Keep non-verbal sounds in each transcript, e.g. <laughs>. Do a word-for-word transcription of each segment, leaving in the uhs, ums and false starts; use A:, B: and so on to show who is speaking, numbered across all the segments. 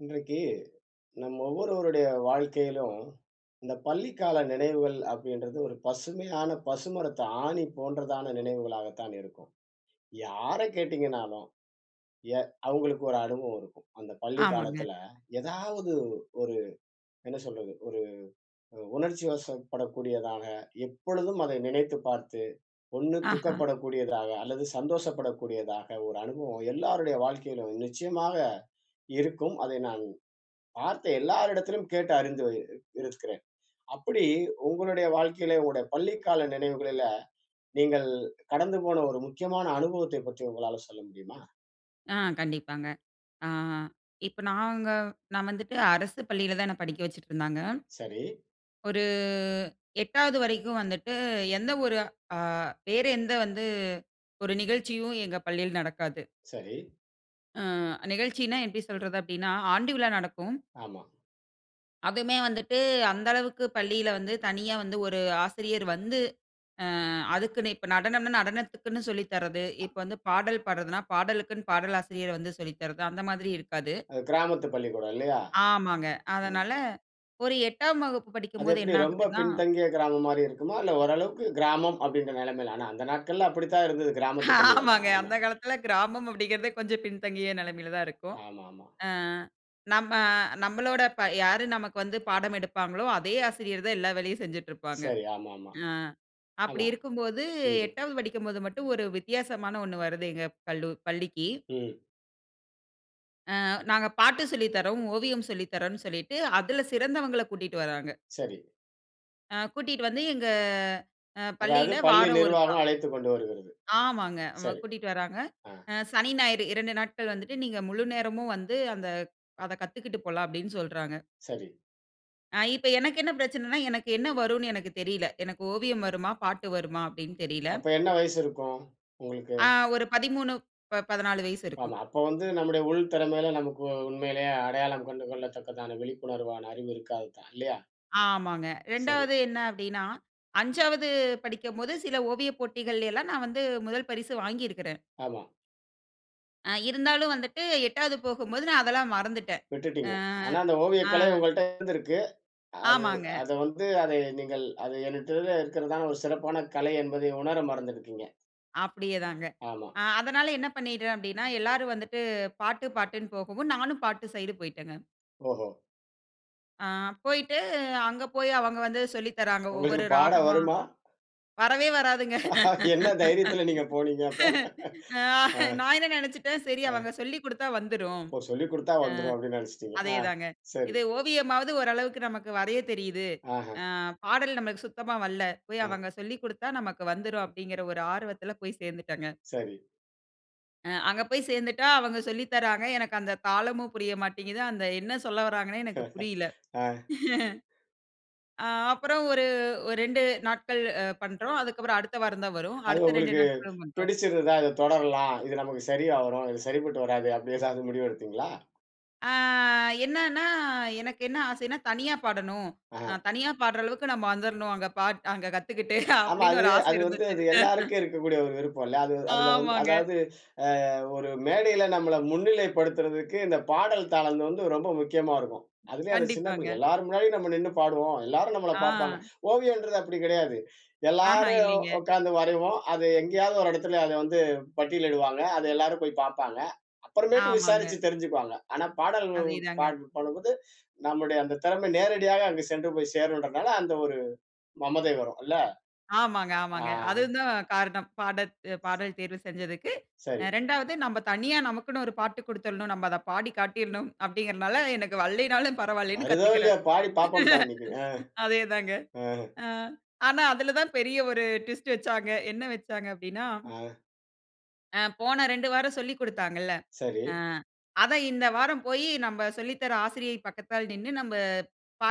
A: இன்றைக்கு, நம்ம ஒவ்வொருவருடைய வாழ்க்கையிலும் "இந்த பள்ளிக்கால நினைவுகள்" அப்பிடின்றது ஒரு பசுமையான பசுமரத்து ஆணி போன்றதான நினைவுகளாக தான் இருக்கும். யாரை கேட்டீங்கனாலும், எ அவுங்களுக்கு ஒரு அனுபவம் இருக்கும். அந்த பள்ளி
B: ஆமாங்க.
A: காலத்தில, ஏதாவது ஒரு என்ன சொல்றது? ஒரு ஒரு உணர்ச்சிவசப்படக்கூடியதாக, எப்பொழுதும் அதை நினைத்து பார்த்து, ஒண்ணு
B: ஆஹா!
A: துக்கப்படக்கூடியதாக, அல்லது சந்தோஷப்பட கூடியதாக ஒரு அனுபவம் எல்லாருடைய வாழ்க்கையிலும் நிச்சயமாக இருக்கும். அதை நான் பார்த்த எல்லார் இடத்திலும், கேட்டு அறிந்து வருகிறே இருக்கிறேன். அப்பிடி உங்களுடைய வாழ்க்கையில, உங்களுடைய பள்ளி கால நினைவுகளில, நீங்கள் கடந்து போன ஒரு முக்கியமான அனுபவத்தை பற்றி உங்களால சொல்ல முடியுமா?
B: ஆ. கண்டிப்பாங்க. ஆ, இப்ப நாங்க நான் வந்துட்டு அரசு பள்ளியில தான் என்ன படிக்க வச்சுட்ருந்தாங்க.
A: சரி.
B: ஒரு எட்டாவது வரைக்கும் வந்துட்டு, எந்த ஒரு ஆ வேறு எந்த வந்து ஒரு நிகழ்ச்சியும் எங்க பள்ளியில நடக்காது.
A: சரி.
B: ஆ, நிகழ்ச்சின்னா எப்பிடி சொல்றது அப்பிடின்னா, ஆண்டு விழா நடக்கும்.
A: ஆமா.
B: அதுவுமே வந்துட்டு அந்த அளவுக்கு பள்ளியில வந்து தனியா வந்து ஒரு ஆசிரியர் வந்து ஆ அதுக்குன்னு இப்ப நடனம்னா, நடனத்துக்குன்னு சொல்லி தர்றது. இப்ப வந்து பாடல் பாடுறதுனா, பாடலுக்குன்னு பாடல் ஆசிரியர் வந்து சொல்லி தர்றது அந்த மாதிரி இருக்காது.
A: அது கிராமத்து பள்ளிக்கூடம் இல்லயா?
B: ஆமாங்க.
A: ம்.
B: அதனால ஒரு எட்டாம் வகுப்பு
A: அது
B: படிக்கும்போது
A: எப்பிடி
B: என்ன
A: ரொம்ப
B: ஆகுதுன்னா
A: பின்தங்கிய கிராமம் மாரி இருக்குமா? இல்ல ஓரளவுக்கு கிராமம் அப்பிடின்ற நிலைமையில. ஆனா, அந்த நாட்கள்ல அப்பிடி தான் இருந்தது கிராமத்து
B: <laughs>
A: பள்ளிகள்!
B: ஆமாங்க.
A: ஆம
B: அந்த காலத்தில கிராமம் அப்பிடிங்கிறதே கொஞ்சம் பின்தங்கிய நிலைமையில தான் இருக்கும்.
A: ஆமாமா.
B: ஆ, நம்ம நம்மளோட இப்ப யார் நமக்கு வந்து பாடம் எடுப்பாங்களோ, அதே ஆசிரியர் தான் எல்லா வேலையும் செஞ்சுட்ருப்பாங்க.
A: சரி. ஆமாமா.
B: ஆ, அப்பிடி
A: ஆமா.
B: இருக்கும்போது,
A: ம்.
B: எட்டாவது படிக்கும்போது மட்டும் ஒரு வித்தியாசமான ஒண்ணு வருது. எங்க கல்லு, பள்ளிக்கி.
A: ம்.
B: ஆ, நாங்க பாட்டு சொல்லி தர்றோம், ஓவியம் சொல்லி தர்றோன்னு சொல்லிட்டு, அதுல சிறந்தவங்கள கூட்டிட்டு வராங்க.
A: சரி.
B: ஆ கூட்டிட்டு வந்து எங்க அ
A: அதாவது
B: பள்ளியில
A: பள்ளி
B: வாரம் ஒருக்கா
A: நிர்வாகம் அழைத்து கொண்டு வருகிறது.
B: ஆமாங்க. வ
A: சரி.
B: கூட்டிட்டு வர்றாங்க.
A: ஆ.
B: அ சனி, ஞாயிறு இரண்டு நாட்கள் வந்துட்டு, நீங்க முழுநேரமும் வந்து அந்த அத கத்துக்கிட்டு போலாம் அப்பிடின்னு சொல்றாங்க.
A: சரி.
B: ஆ. இப்ப எனக்கு என்ன பிரச்சனைனா, எனக்கு என்ன வரும்னு எனக்கு தெரில. எனக்கு ஓவியம் வருமா? பாட்டு வருமா அப்டின்னு தெரில.
A: அப்ப என்ன வயசு இருக்கும், உங்களுக்கு?
B: ஆ. ஒரு பதிமூணு, ப பதினாலு வயசு இருக்கும்.
A: ஆமா. அப்போ வந்து நம்முடைய உள் திறமையில நமக்கு உண்மையிலேயே அடையாளம் கண்டு கொள்ளத்தக்கதான விழிப்புணர்வான அறிவு இருக்காதுதான் இல்லையா?
B: ஆமாங்க.
A: சரி.
B: இரண்டாவது என்ன அப்டினா, ஐஞ்சாவது படிக்கும் போது, சில ஓவியப் போட்டிகள்ல எல்லாம் நான் வந்து முதல் பரிசு வாங்கி இருக்குறேன்.
A: ஆமா.
B: அ இருந்தாலும் வந்துட்டு, எட்டாவது போகும்போது நான் அதெல்லாம் மறந்துட்டேன். அ,
A: விட்டுட்டீங்க. ஆனா, அந்த ஓவியக்கலை
B: அ.
A: உங்கள்ட்ட இருந்துருக்கு. அது
B: ஆமாங்க.
A: அத வந்து அதை நீங்கள் அது என்கிட்ட இருக்கிறதான ஒரு சிறப்பான கலை என்பதை உணர மறந்திருக்கீங்க.
B: அப்டியே தாங்க.
A: ஆமா.
B: அ அதனால என்ன பண்ணிட்டேன் அப்டின்னா, எல்லாரும் வந்துட்டு பாட்டு பாட்டுனூ போகவும். நானும் பாட்டு சைடு போய்ட்டேங்க.
A: ஓஹோ!
B: ஆ போய்ட்டு, அங்கே போய் அவங்க வந்து சொல்லி தராங்க
A: உங்களுக்கு
B: ஒவ்வொரு
A: பாட
B: ராகமா.
A: வருமா?
B: வரவே வராதுங்க
A: என்ன தைரியத்துல நீங்க போனீங்க அப்ப.
B: <laughs> அ
A: அ.
B: நான் என்ன நினச்சிட்டேன். சரி
A: அ
B: அவங்க சொல்லிக் குடுத்தா வந்துரும்.
A: ஒ. சொல்லிக் குடுத்தா
B: ஆ
A: வந்துரும். அப்டின்னு நினச்சிடீங்க.
B: அதே
A: ஆ.
B: தாங்க.
A: சரி.
B: இது ஓவியமாவது ஓரளவுக்கு நமக்கு வரையத் தெரியிது.
A: ஆஹம்.
B: ஆ பாடல் நம்மளுக்கு சுத்தமா வல்ல போய்
A: அ.
B: அவங்க சொல்லிக் குடுத்தா நமக்கு வந்துரும் அப்டிங்கிற ஒரு ஆர்வத்துல போய் சேர்ந்துட்டங்க.
A: சரி.
B: அ அங்கே போய் சேர்ந்துட்டா, அவுங்க சொல்லி தராங்க எனக்கு அந்த தாளமும் புரிய மாட்டேங்குது, அந்த என்ன சொல்ல வராங்கனே எனக்கு புரியல.
A: <laughs> ஆ.
B: <chuckles> அ அப்புறம் ஒரு ஒரு ரெண்டு நாட்கள் அ பண்ணுறோம். அதுக்கப்புறம் அடுத்த வாரம் தான் வரும்.
A: அது
B: அடுத்த ரெண்டு
A: உங்களுக்கு
B: நாட்களும் பண்ணுறோம்.
A: பிடிச்சுருந்தா அத தொடரலாம். இது நமக்கு சரியா வரும். இது சரிப்பட்டு வராது, அப்படி எதாவது முடிவு எடுத்தீங்களா?
B: ஆ என்னன்னா எனக்கு என்ன ஆசைன்னா? தனியா பாடணும். அ
A: ஆ.
B: தனியா பாடுற அளவுக்கு நம்ம வந்துரனும். அங்க பாட் அங்க கத்துக்கிட்டு
A: ஆமா
B: அப்படீன்னு
A: அது
B: ஒரு ஆசை
A: அது வந்து,
B: இருந்துச்சு.
A: அது எல்லாருக்கு
B: <laughs>
A: இருக்கக்கூடிய ஒரு விருப்பம் இல்ல. அது அதில வந்து
B: ஆமாங்க.
A: அதாவது அ ஒரு மேடையில நம்மள முன்னிலைப்படுத்துறதுக்கு இந்த பாடல் தளம் வந்து ரொம்ப முக்கியமா இருக்கும். அதுலயும் அந்த சின்ன பிள்ளை
B: கண்டிப்பாங்க.
A: எல்லார் முன்னாடியும் நம்ம நின்னு பாடுவோம். எல்லாரும் நம்மள பார்ப்பாங்க
B: ஆ.
A: ஓவியம்ன்றது அப்படி கிடையாது.
B: ஆஹம்,
A: எல்லாரும்
B: இல்லைங்க.
A: உட்கார்ந்து வரைவோம். அது எங்கயாவது ஒரு இடத்துல வந்து பட்டியலிடுவாங்க. அதை எல்லாரும் போய் பார்ப்பாங்க. அப்புறமேட்டு
B: ஆமாங்க.
A: விசாரிச்சு தெரிஞ்சுக்குவாங்க. ஆனா பாடல் பாட
B: அதேதாங்க.
A: பண்ணும் போது நம்முடைய அந்த திறமை நேரடியாக அங்கு சென்று போய் சேரும்றனால அந்த ஒரு மமதை வரும் அல்ல.
B: ஆமாங்க,
A: அ ஆ.
B: ஆமாங்க. அதுவும் தான் காரணம் பாடத் பாடல் தேர்வு செஞ்சதுக்கு, அ
A: சரி.
B: ரெண்டாவது நம்ம தனியா நமக்குன்னு ஒரு பாட்டு குடுத்துரனும். நம்ம அதை பாடி காட்டிறணும், அப்படீன்ங்கறதனால எனக்கு வல்லைனாலும் பரவாயில்லன்னு
A: வருதோ இல்லையோ
B: கத்துக்குக்கிறேன்.
A: பாடி பார்ப்போம்டா இன்னைக்கு. அ.
B: <laughs> அதே தாங்க.
A: ம்.
B: அ ஆனா, அதில தான் பெரிய ஒரு ட்விஸ்ட் வச்சாங்க. என்ன வச்சாங்க அப்படின்னா?
A: ஆ.
B: ஆ போன ரெண்டு வாரம் சொல்லிக் குடுத்தாங்கல்ல.
A: சரி.
B: ஆ அத இந்த வாரம் போயி, நம்ம சொல்லி தர்ற ஆசிரியயை பக்கத்ல நின்னு நம்ம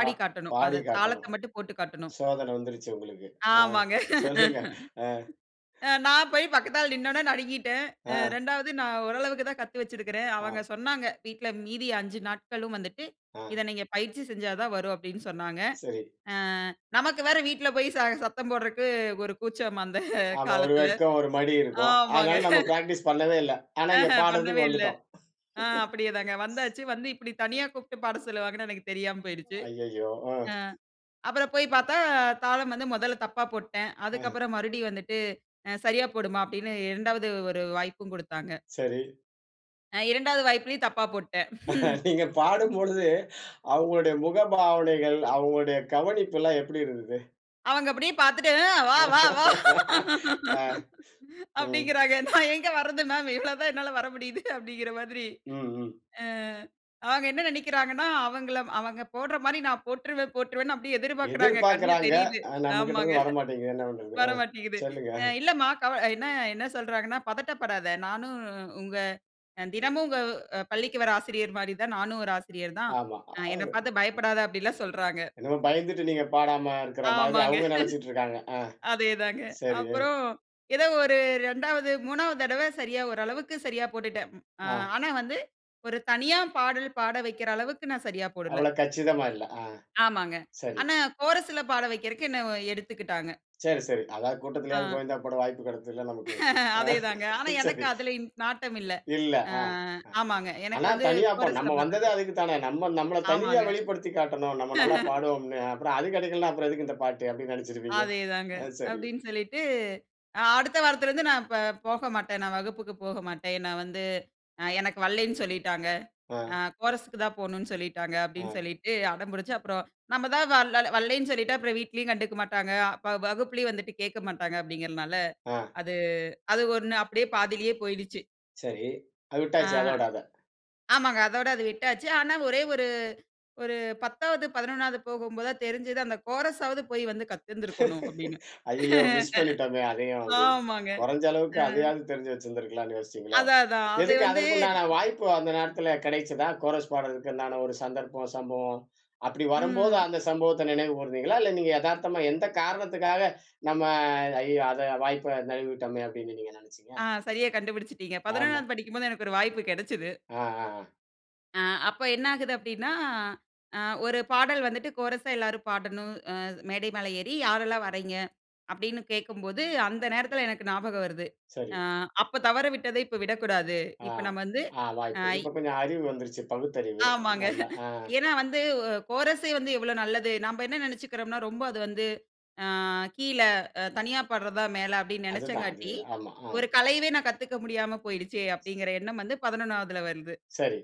A: பா
B: காட்டணும்.
A: பாடி
B: அத தாளத்த
A: காட்டணும்.
B: மட்டும் போட்டுக் காட்டனும்.
A: சோதனை வந்துருச்சு உங்களுக்கு. ஆ
B: ஆமாங்க.
A: சொல்லுங்க. அ
B: <laughs> நான் போய் பக்கத்தால நின்னவுனே நடுங்கிட்டேன். அ
A: ஆ.
B: ரெண்டாவது நான் ஓரளவுக்கு தான் கத்து வச்சிருக்றேன். அவுங்க
A: ஆ.
B: சொன்னாங்க வீட்ல மீதி அஞ்சு நாட்களும் வந்துட்டு, இத
A: அ.
B: நீங்க பயிற்சி செஞ்சா தான் வரும். அப்டின்னு சொன்னாங்க.
A: சரி.
B: அ நமக்கு வேற வீட்ல போய் ச சத்தம் போட்றதுக்கு ஒரு கூச்சம். அந்த
A: ஆமா. ஒரு
B: காலத்ல
A: வெட்கம் ஒரு மாரி இருக்கும்.
B: ஆமாங்க.
A: அதனால நம்ம பிராக்டிஸ் பண்ணவே இல்ல. ஆனா இங்க
B: ஆஹ பண்ணவே
A: பாட்றதுக்கு
B: இல்ல
A: வந்துட்டோம்.
B: அ அப்டியே தாங்க.
A: <laughs>
B: வந்தாச்சு வந்து இப்டி தனியா கூப்ட்டு பாட சொல்லுவாங்கன்னு எனக்கு தெரியாம போயிடுச்சு.
A: ஐயையோ! அ.
B: அ அப்புறம் போய் பார்த்தா தாளம் வந்து மொதல்ல தப்பா போட்டேன்.
A: அஹ்.
B: அதுக்கப்புறம் மறுபடியும் வந்துட்டு, அ சரியா போடுமா அப்டின்னு, ரெண்டாவது ஒரு வாய்ப்பும் கொடுத்தாங்க.
A: சரி.
B: அ ரெண்டாவது வாய்ப்பிலும் தப்பா போட்டேன்.
A: நீங்க பாடும்
B: <laughs>
A: பொழுது அவுங்களுடைய முக பாவனைகள், அவுங்களுடைய கவனிப்புல்லாம் எப்டி இருந்தது?
B: அவுங்க அப்டியே பார்த்துட்டே. ம் வா, வா, வா.
A: <laughs> அ,
B: <laughs>
A: ம்.
B: அப்டிங்கிறாங்க நான் எங்கே வர்றது? மேம் இவ்ளோ தான் என்னால வர முடியுது அப்டிங்கிற மாதிரி.
A: ம், ம்.
B: அ அவங்க என்ன நெனைக்கிறாங்கன்னா, அவங்கள அவங்க போடுற மாரி நான் போட்ருவேன் போட்ருவேன்னு அப்டியே
A: எதிர்
B: எதிர்பார்க்குறாங்க. கண்ல
A: பார்க்றாங்க.
B: தெரியுது.
A: அ நம்ம கிட்ட
B: ஆமாங்க.
A: இருந்து வர மாட்டேங்குது என்ன பண்றது?
B: வர
A: அ
B: மாட்டேங்குது.
A: சொல்லுங்க.
B: அ
A: அ.
B: இல்லம்மா கவலை என்ன என்ன சொல்றாங்கன்னா, பதட்டப்படாத, நானும் உங்க தினமும் உ உங்க பள்ளிக்கு வர்ற ஆசிரியர் மாதிரி தான் நானும் ஒரு ஆசிரியர் தான்.
A: ஆமா.
B: அ என்னை
A: <unintelligible>
B: பார்த்து பயப்படாத அப்டிலாம் சொல்றாங்க.
A: என்னமோ பயந்துட்டு நீங்க பாடாம இருக்ற மாதிரி
B: ஆமாங்க.
A: அவுங்க நெனச்சிட்டு இருக்காங்க. ஆ,
B: <laughs> அதே தாங்க.
A: சரி.
B: அப்புறம் ஏதோ ஒரு ரெண்டாவது, மூணாவது தடவ சரியா ஒரு அளவுக்கு சரியா போட்டுட்டேன். ம்.
A: ஆ.
B: ஆனா வந்து ஒரு தனியா பாடல் பாட வைக்கிற அளவுக்கு நான் சரியா போடல.
A: அவ்வளவு கச்சிதமா இல்ல. ஆ
B: ஆமாங்க.
A: சரி.
B: ஆனா கோரஸ்ல பாட வக்கிறதுக்கு என்னை எடுத்துக்கிட்டாங்க.
A: சரி, சரி. அதாவது கூட்டத்திலயாவது
B: ஆ.
A: கோவிந்தா போட வாய்ப்பு கெடைச்சதுல்ல நமக்கு.
B: <laughs>
A: அ
B: அதேதாங்க ஆனா
A: <laughs>
B: எனக்கு
A: சரி.
B: அதுல இன் நாட்டம் இல்ல.
A: இல்ல
B: அ
A: அ. அ.
B: ஆமாங்க எனக்கு
A: ஆனா
B: வந்து
A: தனியா நம்ம
B: கோரஸ்ல
A: வந்தது
B: பாடுறக்கு.
A: அதுக்கு தானே, நம்ம நம்மல தனியா
B: ஆமாங்க.
A: வெளிப்படுத்தி காட்டணும். நம்ம நல்லா
B: <laughs>
A: பாடுவோம்னு. அப்புறம் அது கெடைக்கலன்னா எதுக்கு இந்த பாட்டு அப்டின்னு நெனச்சுருப்பீங்க.
B: அதேதாங்க
A: அ. சரி.
B: அப்டின்னு சொல்லிட்டு, அடுத்த வாரத்துலருந்து நான் இப்ப போகமாட்டேன். நான் வகுப்புக்கு போக மாட்டேன். நான் வந்து, அ எனக்கு வல்லைன்னு சொல்லிட்டாங்க.
A: ஆ.
B: அ கோரஸுக்கு தான் போகணும்னு சொல்லிட்டாங்க. அப்டின்னு
A: அ.
B: சொல்லிட்டு அடம் பிடிச்சு அப்புறம் நம்ம தான் வ வல்லைன்னு சொல்லிட்டு, அப்புறம் வீட்லயும் கண்டுக்க மாட்டாங்க. வ வகுப்பிலயும் வந்துட்டு கேக்க மாட்டாங்க. அப்டிங்கிறதனால
A: ஆ.
B: அது அது ஒண்ணு அப்டியே பாதியிலயே போயிடுச்சு.
A: சரி அது
B: ஆ.
A: விட்டாச்சு. அதோட அத.
B: ஆமாங்க. அதோடு அது விட்டாச்சு. ஆனா, ஒரே ஒரு, ஒரு பத்தாவது பதினொண்ணாவது போகும்போதா தெரிஞ்சது. அந்த கோரஸ் ஆவது, போய் வந்து கத்துருந்துக்கணும் அப்டினு.
A: <laughs> ஐயயோ! மிஸ் பண்ணிட்டோமே
B: <laughs>
A: அதயும். அப்படின்னு.
B: ஆமாங்க.
A: கொரஞ்ச
B: அ.
A: அளவுக்கு அதையாவது, தெரிஞ்சு வச்சுருந்துக்கலானு யோசிச்சீங்களோ?
B: அதா, அதா. அது
A: எதுக்கு,
B: வந்து
A: அதற்கு உண்டான வாய்ப்பு. அந்த நேரத்துல கிடைச்சதா? கோரஸ் பாட்றதுக்குண்டான, ஒரு சந்தர்ப்பம்? சம்பவம்? அப்படி வரம்போது,
B: ம்.
A: அந்த சம்பவத்த நினைவு கூர்ந்தீங்களா? இல்ல, நீங்க எதார்த்தமா. எந்த காரணத்துக்காக நம்ம, ஐயயோ! அத, வாய்ப்பை நளுவிட்டோமே அப்படினு நீங்க, நினைச்சீங்க?
B: ஆ. சரியா கண்டுபிடிச்சிட்டீங்க.
A: ஆமா.
B: பதினொண்ணாவது படிக்கும்போது, எனக்கு ஒரு வாய்ப்பு கிடைச்சது.
A: ஆ. ஆ. ஆ.
B: ஆ, அப்ப என்ன ஆகுது. அப்படினா, அ, ஒரு பாடல் வந்துட்டு கோரஸ்ஸா எல்லாரும் பாடணும். அ, மேடை மேல ஏறி. யாரெல்லாம் வர்றைங்க. அப்படினு கேட்கும்போது, அந்த நேரத்தில எனக்கு ஞாபக வருது. அ,
A: சரி.
B: அப்ப தவற விட்டத, இப்ப விடக்கூடாது.
A: ஆ.
B: இப்ப நம்ம வந்து.
A: ஆ, வாய்ப்பு.
B: ஆயி.
A: இப்ப கொஞ்ச, அறிவு வந்துருச்சு. பகுத்தறிவு.
B: ஆமாங்க.
A: நல்லா. ஆ.
B: <chuckles> ஏனா, வந்து கோரஸ்யே வந்து, எவ்வளவு நல்லது. நாம்ப என்ன நெனச்சுக்குறோம்னா, ரொம்ப அது வந்து, அ, கீழ, அ தனியா பாட்றதா மேல, அப்டினு
A: அதுதா. அது.
B: நெனச்சங்காட்டி,
A: ஆமா. ஆ.
B: ஒரு கலையவே நான், கத்துக்க முடியாம போய்டுச்சே! அப்டிங்கிற எண்ணம் வந்து, பதினொண்ணாவதுல வருது.
A: சரி.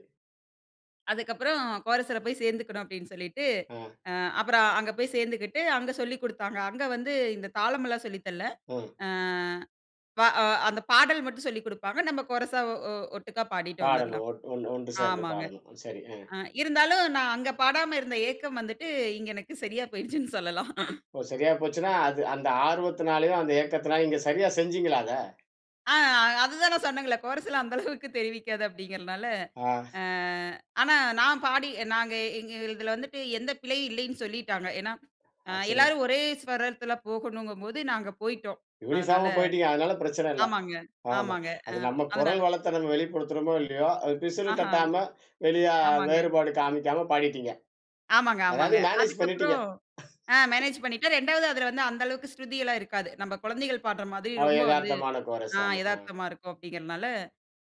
B: அதுக்கப்புறம் கோரஸ்ல போய் சேந்துக்கணு அப்படினு சொல்லிட்டு,
A: ஆ.
B: ஆ அப்புறம் அங்க போய் சேந்துக்கிட்டு அங்க சொல்லிக் குடுத்தாங்க. அங்க வந்து இந்த தாளமெல்லாம் சொல்லி தல்ல
A: ம்.
B: ஆ. வ அந்த பாடல் மட்டும் சொல்லிக் குடுப்பாங்க. நமம் கோரஸ்ஸா ஒட்டுக்கா பாடிட்டு
A: பாடணு
B: வந்துரலா.
A: ஒன் ஒன்று சேர்ந்து
B: ஆமாங்க.
A: பாடணும். சரி.
B: அ இருந்தாலும் நா அங்க பாடாம இருந்த ஏக்கம் வந்துட்டு இங்க எனக்கு சரியா போய்ருச்சுனு சொல்லலாம்.
A: ஓ! சரியா போச்சுனா, அது அந்த ஆர்வத்துனாலயும், அந்த ஏக்கத்தினாலயும் இங்க சரியா செஞ்சீங்களா அத?
B: ஆ அதுதான் நா சொன்னேங்களே, கோரஸ்ல அந்த அளவுக்கு தெரிவிக்காது அப்படிங்கிறனால,
A: ஆ.
B: ஆனா நான் பாடி நாங்க எங்க இதில வந்துட்டு எந்த பிழையு இல்லைனு சொல்லிட்டாங்க. ஏனா ஆ
A: ஆச்சரியம்.
B: எல்லாரும் ஒரே ஸ்வரத்தில போகனும் போது நாங்க போய்டோம். அதனால
A: யூனிபாம போய்ட்டீங்க. அதனால பிரச்சன இல்ல.
B: ஆமாங்க
A: ஆமா <inhales>
B: ஆமாங்க
A: அது நம்ம
B: அதனால
A: குரல் வளத்த வெளிப்படுத்துறோமோ இல்லையோ, அது பிசிறு
B: ஆஹா
A: தட்டாம <inhales> வெளிய
B: ஆமாங்க.
A: வேறுபாடு காமிக்காம பாடிட்டீங்க.
B: ஆமாங்க ஆமாங்க.
A: அதாவது மேனேஜ் பண்ணிட்டீங்க.
B: அதுக்கப்புறோம் ஆ மேனேஜ் பண்ணிட்டோ
A: <laughs>
B: ரெண்டாவது அதில வந்து அந்தளவுக்கு ஸ்ருதி எல்லா இருக்காது. நம்ம குழந்தைகள் பாடுற மாதிரி
A: அவ
B: ரொம்ப வந்து,
A: எதார்த்தமான
B: அ
A: கோரசா, ஆ.
B: எதார்த்தமா இருக்கும் அப்படிங்கிறனால,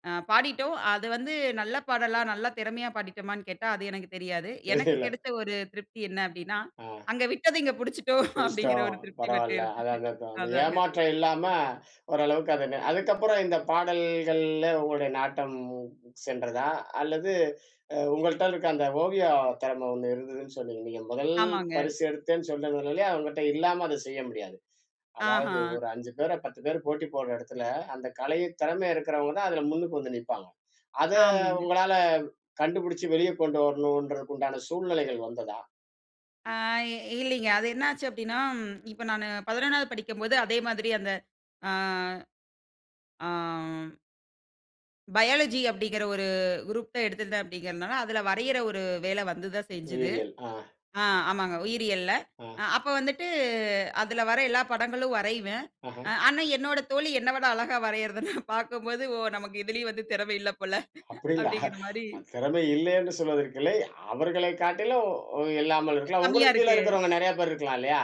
B: ஆ பாடிட்டோம். அது வந்து நல்ல பாடலா, நல்ல திறமையா பாடிட்டோமான்னு கேட்டா அது எனக்குத் தெரியாது. எனக்கு
A: தெரியல.
B: கிடைத்த ஒரு திருப்தி என்ன அப்படின்னா,
A: ஆ.
B: அங்க விட்டது இங்க பிடிச்சுட்டோ அப்படிங்கிற
A: முடிச்சிட்டோம்
B: ஒரு திருப்தி மட்டு
A: பரவால்ல. அது
B: இருந்துச்சு,
A: அது அதன்
B: அதாங்க.
A: ஏமாற்ற இல்லாம ஓரளவுக்கு அத அதுக்கப்புறம் இந்த பாடல்கள்ல உங்களுடைய நாட்டம் சென்றதா? அல்லது உங்கள்ட்ட இருக்க அந்த ஓவிய திறம ஒண்ணு இருந்ததுன்னு சொன்னீங்க. நீங்க முதல்
B: ஆமாங்க.
A: பரிசு எடுத்தேன்னு சொல்றது, உங்கிட்ட இல்லாம அத செய்ய முடியாது. அதாவது
B: ஆஹா.
A: ஒரு அஞ்சு பேர பத்து பேர போட்டி போடுற எடத்துல, அந்த கலை திறம இருக்கறவங்க தான் அதுல முன்னுக்கு வந்து நிப்பாங்க. அத
B: ஆமாங்க.
A: உங்களால கண்டுபிடிச்சு வெளிய கொண்டு வரணும்ன்றதுக்கு உண்டான சூழ்நிலைகள் வந்ததா?
B: ஆ, இல்லீங்க. அது என்ன ஆச்சு அப்டீன்னா ம், இப்போ நானு பதிணொன்னாவது படிக்கும்போது அதே மாரி அந்த. ஆ. ஆ பயாலஜி அப்டீங்குற ஒரு குரூப் தான் எடுத்திருந்தேன் அப்டீகுறனால, அதுல வரையிற ஒரு வேலை வந்து தான் செஞ்சது.
A: உயிரியல், அ.
B: ஆ, ஆமாங்க உயிரியல்ல. அ
A: அ.
B: அப்போ வந்துட்டு, அதுல வர எல்லா படங்களும் வரைவேன். அ
A: அஹ்ம்.
B: ஆனா, என்னோட தோழி என்ன விட அழகா வரையிறத நான் பாக்கும்போது, "ஓ! நமக்கு இதுலயும் வந்து திறம இல்ல போல"
A: அப்பிடி இல்ல.
B: அப்டீங்குற மாரி
A: தெறமை இல்லேன்னு சொல்வதற்கில்லை. அவர்களை காட்டிலும் இல்லாமல்
B: அ,
A: இருக்கலாம்.
B: கம்மியா
A: உங்களுக்கு கீழ
B: இருக்கு.
A: இருக்குறவங்க நெறைய பேர் இருக்கலாம் இல்லையா?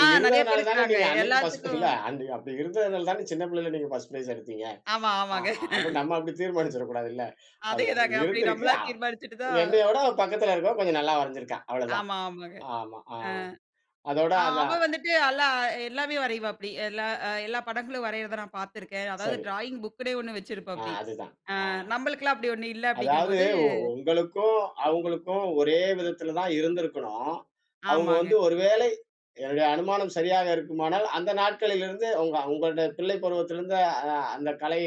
B: ஆ, நெறைய பேர்
A: இருந்ததுனால தான
B: இருக்குறாங்க.
A: நீங்க அன்னைக்கி ஃபர்ஸ்ட் இல்ல
B: எல்லாத்துக்கும்
A: அன் அப்புடி இருந்ததுனால தானே சின்ன பிள்ளைல ஃபர்ஸ்ட் ஃபிரைஸ் எடுத்தீங்க.
B: ஆமா,
A: ஆ,
B: ஆமாங்க.
A: அப்ப
B: <chuckles>
A: நம்ம அப்புடி தீர்மானிச்சுட கூடாதுல்ல. அதுவா
B: அதேதாங்க. அப்புடி
A: இருந்திருக்கு,
B: நம்மளா
A: அவ்
B: தீர்மானிச்சிட்டு தான்.
A: என்னையவுட பக்கத்துல இருக்கவ கொஞ்சம் நல்லா வரைஞ்சிருக்கா. அவ்ளோதான்.
B: ஆமா, ஆமாங்க.
A: ஆமா, ஆ.
B: அ.
A: அதோட
B: ஆ,
A: அத
B: அவ வந்துட்டு அல்லா எல்லாமே வரைவாப்டி. எல்லா, அ எல்லா படங்களும் வரையிறத நான் பாத்துருக்கேன். அதாவது
A: சரி.
B: ட்ராயிங் புக்குன்னே ஒண்ணு
A: ஆ,
B: வச்சிருப்பாப்டி.
A: அதுதான். ஆ.
B: அ நம்மளுக்கெல்லாம் அப்பிடி ஒண்ணும் இல்ல
A: அதாவது
B: அப்டீங்கும்போது
A: உங்களுக்கும், அவுங்களுக்கும் ஒரே விதத்துல தான் இருந்திருக்கணும். அவங்க
B: ஆமாங்க.
A: வந்து ஒரு வேலை என்னுடைய அனுமானம் சரியாக இருக்குமானால், அந்த நாட்களிலிருந்து உங்க உங்களுடைய பிள்ளை பருவத்திலிருந்த அ, அந்த கலை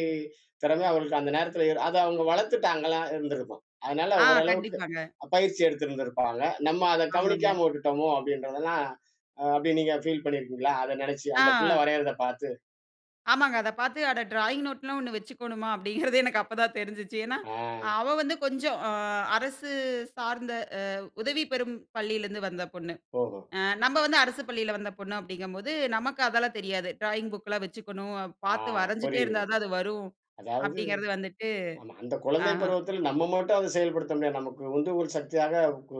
A: திறமை அவங்களுக்கு அந்த நேரத்துல, அத அவங்க வளத்துட்டாங்களா இருந்துருக்கும். அதனால
B: ஆ,
A: ஓரளவுக்கு
B: கண்டிப்பாங்க.
A: பயிற்சி எடுத்திருந்திருப்பாங்க. "நம்ம அத
B: ஆமாங்க.
A: கவனிக்காம உட்டுட்டோமோ!" அப்டீன்றதெல்லாம், அப்புடி நீங்க பீல் பண்ணிருக்கீங்களா, அத நினைச்சு, அந்த பிள்ள
B: ஆ.
A: வரையிறத பாத்து?
B: ஆமாங்க. அத பாத்து அட ட்ராயிங் நோட்லாம் ஒண்ணு வெச்சுக்கோணுமா? அப்டீங்குறதே எனக்கு அப்பதான் தெரிஞ்சுச்சு. ஏன்னா,
A: ஆ.
B: அவ வந்து கொஞ்சம், அ அரசு சார்ந்த அ உதவி பெறும் பள்ளியிலருந்து வந்த பொண்ணு.
A: ஓஹோ.
B: அ நம்ப வந்து அரசு பள்ளியில வந்த பொண்ணு அப்டீங்கும்போது நமக்கு அதெல்லாம் தெரியாது. ட்ராயிங் புக்கெலாம் வெச்சுக்கணும். அ
A: ஆ
B: பாத்து வரஞ்சுட்டே இருந்தா
A: புரிகிறது.
B: தான் அது வரும்
A: அதாவது
B: அப்டீங்கிறது வந்துட்டு
A: ஆமா, அந்த
B: அ.
A: குழந்தை பருவத்துல நம்ப மட்டும் அத செயல்படுத்த முடியாது. நமக்கு உந்துகோல் சக்தியாக, ஊ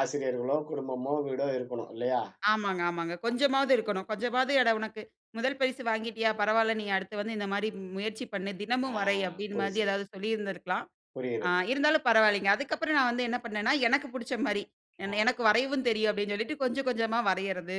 A: ஆசிரியர்களோ, குடும்பமோ, வீடோ இருக்கணும் இல்லையா?
B: ஆமாங்க ஆமாங்க.
A: அ.
B: கொஞ்சமாவது இருக்கணும். கொஞ்சமாவது "அட உனக்கு முதல் பரிசு வாங்கிட்டியா பரவாயில்ல, நீ அடுத்து வந்து இந்த மாரி முயற்சி பண்ணு,
A: ஆ
B: தினமும் வரை" அப்டீன் மாதி
A: புரிஞ்சுது.
B: ஏதாவது சொல்லியிருந்திருக்கலாம். அ
A: புரிகிறது.
B: இருந்தாலும் பரவால்லைங்க. அதுக்கப்புறம் நான் வந்து என்ன பண்ணேன்னா, எனக்கு பிடிச்ச மாரி,
A: ஆ.
B: ஏன்னா எனக்கு வரையவும் தெரியும். அப்டீன்னு சொல்லிட்டு, கொஞ்சம் கொஞ்சமா வரையறது.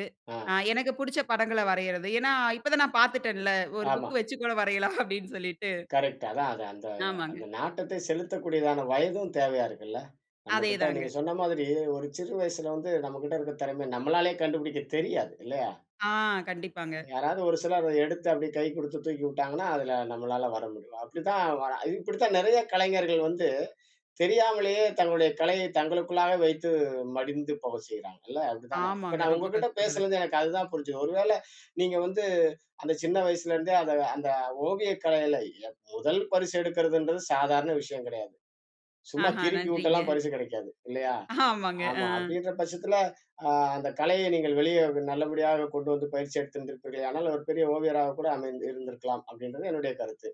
B: அ
A: ஆ.
B: எனக்கு புடிச்ச படங்கள வரைறயது. ஏன்னா இப்ப தான் நான் பாத்துட்டேன்ல! ஒரு
A: ஆமா.
B: புக்கு வச்சி கூட வரையலாம் அப்டீன்னு சொல்லிட்டு.
A: கரெக்ட் அதான் அத அந்த
B: ஆமாங்க.
A: அந்த நாட்டத்தை செலுத்தக்கூடியதான வயதும் தேவையா இருக்குல்ல! நம்மகிட்ட,
B: அதேதாங்க.
A: நீங்க சொன்ன மாதிரி ஒரு சிறு வயசுல வந்து நம்மகிட்ட இருக்க திறமைய நம்மளாலயே கண்டுபுடிக்க தெரியாது. இல்லயா?
B: ஆ. கண்டிப்பாங்க.
A: யாராவது ஒரு சிலர் அத எடுத்து அப்டியே கை குடுத்து தூக்கி உட்டாங்கன்னா, அதுல நம்மளால வர முடியும். அப்டித்தான் வரா இது இப்டித்தான் நெறைய கலைஞர்கள் வந்து தெரியாமலயே தங்களுடைய கலையை தங்களுக்குள்ளாவே வைத்து மடிந்து போகச் செய்யுறாங்க இல்ல! அப்டி தானே? இப்ப
B: ஆமாங்க.
A: நான்
B: ரொம்ப
A: உங்ககிட்ட
B: கஷ்டங்க அது.
A: பேசுனதுல எனக்கு அதுதான் புரிஞ்சுது. ஒரு வேளை நீங்க வந்து, அந்த சின்ன வயசுல இருந்தே அந்த அந்த ஓவிய கலைல எப் முதல் பரிசு எடுக்குறதுன்றது சாதாரண விஷயம் கிடையாது. சும்மா
B: ஆஹ.
A: கிறுக்கிவுட்டெல்லாம்
B: நன்றிங்க.
A: பரிசு கெடைக்காது இல்லையா?
B: ஆமாங்க. அ.
A: ஆமா. அப்டீன்ற பட்சத்துல, அ அந்த கலையை நீங்கள் வெளிய நல்லபடியாக கொண்டு வந்து பயிற்சி எடுத்து இருப்பீர்களேயானால், ஒரு பெரிய ஓவியராக கூட அமைந் இருந்திருக்கலாம், அப்டீன்றது என்னுடைய கருத்து.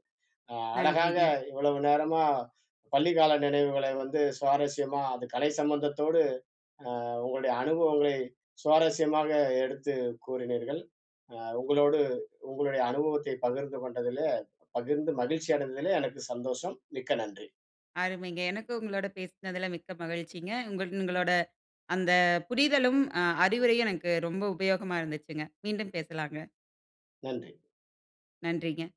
A: அ அழகாக
B: நன்றிங்க.
A: இவ்வளவு நேரமா, பள்ளி கால நினைவுகளை வந்து சுவாரஸ்யமா அது கலை சம்பந்தத்தோடு, அ உங்களுடைய அனுபவங்களை சுவாரஸ்யமாக எடுத்து கூறினீர்ங்கள். அ உங்களோடு உங்களுடைய அனுபவத்தை பகிர்ந்து கொண்டதிலே, பகிர்ந்து மகிழ்ச்சி அடைந்ததிலே எனக்கு சந்தோஷம். மிக்க நன்றி.
B: அருமைங்க! எனக்கு உங்களோட பேசுனதுல மிக்க மகிழ்ச்சிங்க. உங்கள் உங்களோட அந்த புரிதலும், அ அறிவுரையும் எனக்கு ரொம்ப உபயோகமா இருந்துச்சிங்க. மீண்டும் பேசலாங்க.
A: நன்றி.
B: நன்றிங்க.